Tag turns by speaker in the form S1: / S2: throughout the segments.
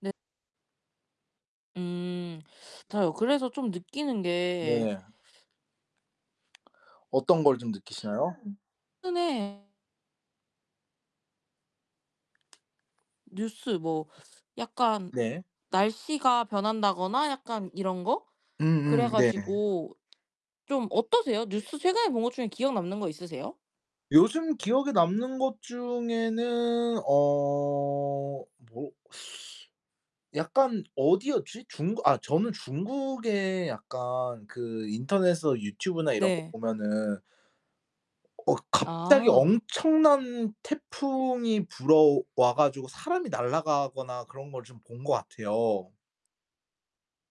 S1: 네. 음. 저요 그래서 좀 느끼는 게
S2: 네. 어떤 걸 좀 느끼시나요?
S1: 최근에 뉴스 뭐 약간
S2: 네.
S1: 날씨가 변한다거나 약간 이런 거? 그래
S2: 음음 네.
S1: 가지고 좀 어떠세요? 뉴스 최근에 본 것 중에 기억 남는 거 있으세요?
S2: 요즘 기억에 남는 것 중에는 어 뭐 약간 어디였지? 중국 아 저는 중국에 약간 그 인터넷에서 유튜브나 이런 거
S1: 네.
S2: 보면은 어 갑자기
S1: 아.
S2: 엄청난 태풍이 불어와 가지고 사람이 날아가거나 그런 걸 좀 본 것 같아요.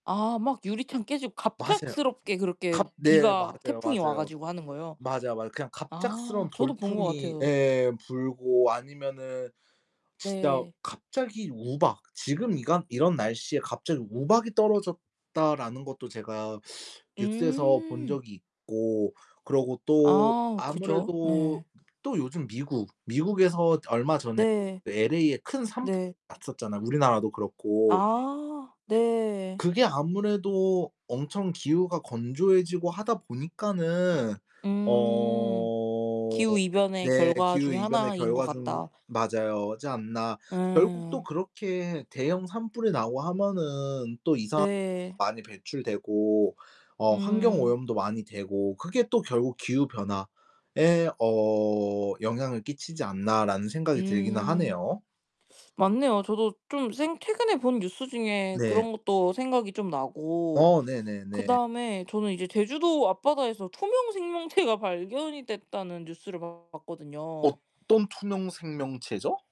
S1: 아 막 유리창 깨지고
S2: 맞아요.
S1: 갑작스럽게 그렇게
S2: 갑 네
S1: 비가
S2: 맞아요,
S1: 태풍이 와
S2: 맞아요.
S1: 가지고 하는 거요?
S2: 맞아, 맞아. 그냥
S1: 아
S2: 갑작스러운
S1: 저도 본 것
S2: 돌풍이
S1: 같아요.
S2: 예 불고 아니면은 진짜
S1: 네.
S2: 갑자기 우박 "지금 이간 이런 날씨에 갑자기 우박이 떨어졌다."라는 것도 제가 뉴스에서 본
S1: 음.
S2: 적이 있고 그러고 또
S1: 아 그죠.
S2: 아무래도
S1: 예.
S2: 또 요즘 미국, 미국에서 얼마 전에
S1: 네.
S2: 그 LA에 큰 산불
S1: 네.
S2: 났었잖아요, 우리나라도 그렇고.
S1: 아 네.
S2: 그게 아무래도 엄청 기후가 건조해지고 하다 보니까는
S1: 음.
S2: 어
S1: 기후 이변의
S2: 네.
S1: 결과
S2: 기후
S1: 중의
S2: 이변의
S1: 하나인 것
S2: 결과 좀
S1: 같다.
S2: 맞아요. 지 않나. '결국 또
S1: 예.
S2: 그렇게 대형 산불이 나고 하면은 또 이산화탄소
S1: 네.
S2: 많이 배출되고 어
S1: 음.
S2: 환경오염도 많이 되고 그게 또 결국 기후 변화에 어 영향을 끼치지 않나?'라는 생각이 들기는
S1: 음
S2: 하네요.
S1: 맞네요. 저도 좀 생 최근에 본 뉴스 중에
S2: 네.
S1: 그런 것도 생각이 좀 나고
S2: 어 네네네.
S1: 그다음에 저는 이제 제주도 앞바다에서 투명 생명체가 발견이 됐다는 뉴스를 봤거든요.
S2: 어떤 투명 생명체죠?